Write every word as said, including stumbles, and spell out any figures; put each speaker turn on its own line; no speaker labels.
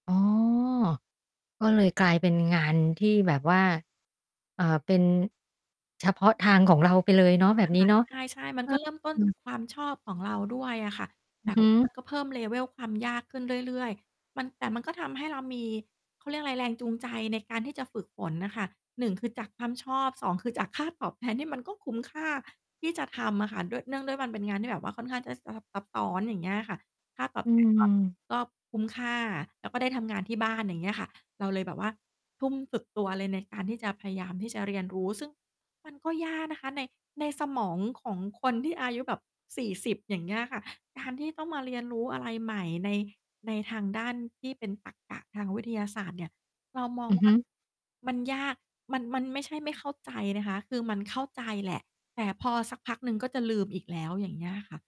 อ๋อ ก็เลยกลายเป็นงานที่แบบว่า เอ่อ เป็น เฉพาะทางของเราไปเลยเนาะ แบบนี
ค
้
่ะ
เนาะ
ใช่ ๆ มันก็เริ่มต
อ
้
า อ
น
ื
จ
ม
าก ความชอบของเราด้วยอะค่ะ
อ
แ
ือ
ต่
ฮ
ว
ึ
่ามันก็ เพิ่ม level ความยากขึ้นเรื่อย ๆ มัน แต่มันก็ทำให้เรามี เขาเรียกอะไร แรงจูงใจในการที่จะฝึกฝนน่ะค่ะ หนึ่ง คือจากความชอบ สอง คือจากค่าตอบแทนที่มันก็คุ้มค่าที่จะทำอะค่ะ ด้วย เนื่องด้วยมันเป็นงานที่แบบว่าค่อนข้างจะสลับซับซ้อน อย่างเงี้ยอะค่ะ ค่า ตอ
อ
บ
ื
แทนก็
ม
ก็คุ้มค่า แล้วก็ได้ทำงานที่ บ้าน อย่างเงี้ยค่ะ เราเลยแบบว่าทุ่มสุดตัวเลยในการที่จะพยายามที่จะเรียนรู้ ซึ่งมัน ก็ยากนะคะ ใน ในสมองของคนที่อายุแบบ สี่สิบ อย่างเงี้ยค่ะ การที่ต้องมาเรียนรู้อะไรใหม่ใน ในทางด้านที่เป็นตรรกะทางวิทยาศาสตร์เนี่ย เรามอ
อ
ง
ือ
ว
ฮ
่
ึ
า มันยาก มัน มันไม่ใช่ไม่เข้าใจนะคะ คือมันเข้าใจแหละ แต่พอสักพักหนึ่งก็จะลืมอีกแล้ว อย่างเงี้ยค่ะ